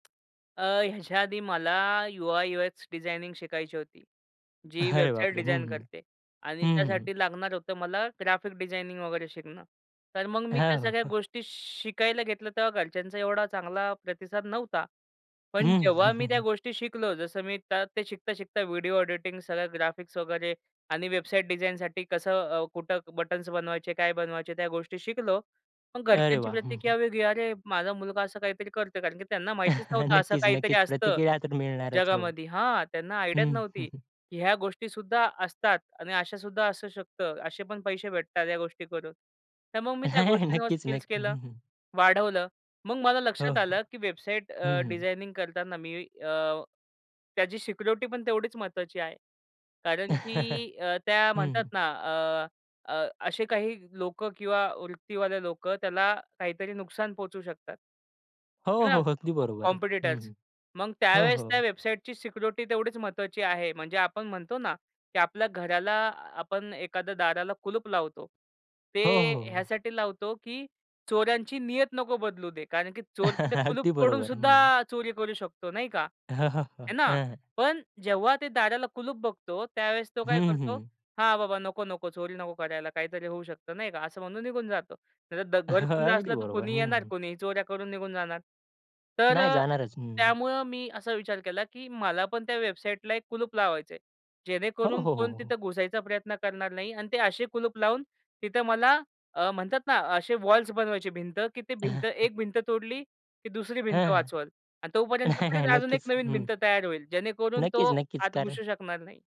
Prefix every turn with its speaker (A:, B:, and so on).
A: अ, ह्याच्या आधी मला यु-आय-यु-एक्स डिझायनिंग शिकायची होती, जी
B: अरे
A: वेबसाईट
B: बापरे! हं,
A: डिझाइन
B: हं.
A: करते आणि
B: हं, हं, हं.
A: त्यासाठी लागणार होतं मला ग्राफिक डिझायनिंग वगैरे शिकणं, तर मग मी
B: हां,
A: त्या
B: हो,
A: सगळ्या
B: हो.
A: गोष्टी शिकायला घेतलं. तेव्हा घरच्यांचा एवढा चांगला प्रतिसाद नव्हता. पण
B: हं, हं,
A: जेव्हा मी
B: हं,
A: त्या
B: हं.
A: गोष्टी शिकलो, जसं मी त ते शिकता-शिकता व्हिडिओ ऑडिटिंग, सगळं ग्राफिक्स वगैरे आणि वेबसाईट डिझाइनसाठी कसं, अ, कुठं बटन्स बनवायचे, काय बनवायचे, त्या गोष्टी शिकलो. पण
B: अरे
A: घरच्यांची
B: वाह! हं, हं.
A: प्रतिक्रिया वेगळी. अरे, माझा मुलगा असं काहीतरी करतोय कारण की त्यांना माहितीच नव्हतं, असं
B: नक्कीच,
A: काहीतरी
B: नक्कीच.
A: असतं
B: प्रतिक्रिया तर मिळणारच हो,
A: जगामध्ये. हां, त्यांना आयडियाच
B: हं, हं,
A: नव्हती.
B: हं.
A: ह्या गोष्टीसुद्धा असतात आणि अशा सुद्धा असू शकतं, असे पण पैसे भेटतात, ह्या गोष्टी करून. तर मग मी त्या गोष्टींवर
B: नक्कीच,
A: स्किल्स
B: नक्कीच.
A: केलं,
B: हं, हं.
A: वाढवलं. मग मला
B: हो,
A: लक्षात
B: हो.
A: आलं, की वेबसाईट
B: हं,
A: अ,
B: हं.
A: डिझायनिंग करताना मी अ, त्याची सिक्युरिटी पण तेवढीच महत्त्वाची आहे कारण की अ, त्या
B: हं,
A: म्हणतात
B: हं.
A: ना, अ, अ, असे काही लोकं किंवा वृत्तीवाल्या लोकं त्याला काहीतरी नुकसान पोहोचू शकतात.
B: हो,
A: है ना,
B: हो, अगदी
A: कॉ
B: बरोबर आहे. हं,
A: कॉम्पिटिटर्स
B: हं,
A: मग
B: हो,
A: त्यावेळेस त्या
B: हो.
A: वेबसाईटची सिक्युरिटी तेवढीच महत्त्वाची आहे. म्हणजे, आपण म्हणतो ना, की आपल्या घराला आपण एखाद्या दाराला कुलूप लावतो.
B: हो, हो,
A: ते
B: हो.
A: ह्यासाठी लावतो, की चोरांची नियत नको बदलू दे, कारण की चोरचं ते कुलूप
B: अगदी बरोबर. हं.
A: तोडूनसुद्धा चोरी करू शकतो, नाही का? है
B: हं,
A: ना.
B: हं.
A: पण जेव्हा ते दाराला कुलूप बघतो, त्यावेळेस तो काय
B: हं,
A: करतो,
B: हं.
A: हां, बाबा, नको, नको, चोरी नको करायला, काहीतरी होऊ शकतं, नाही का, असं म्हणून निघून जातो. नाही, घर खुलं
B: अगदी
A: असलं तर
B: बरोबर.
A: कुणी
B: हं,
A: येणार,
B: हं.
A: कोणीही चोऱ्या करून निघून जाणार. तर
B: नाही
A: अ,
B: जाणारच. हं.
A: त्यामुळं मी असा विचार केला, की मला पण त्या वेबसाईटला एक कुलूप लावायचंय.
B: हो, हो,
A: जेणेकरून
B: हो,
A: कोण
B: हो,
A: तिथं
B: हो.
A: घुसायचा प्रयत्न करणार नाही. आणि ते असे कुलूप लावून तिथं मला अ, म्हणतात ना, असे वॉल्स बनवायचे, भिंत. की ते भिंत, एक भिंत तोडली की दुसरी
B: हं,
A: भिंत
B: हं,
A: वाचवल आणि तोपर्यंत
B: नाही,
A: परत
B: नाही,
A: अजून एक
B: नक्कीच.
A: नवीन
B: हं.
A: भिंत तयार होईल, जेणेकरून तो
B: नक्कीच, नक्कीच
A: आत
B: कारण
A: घुसू शकणार नाही.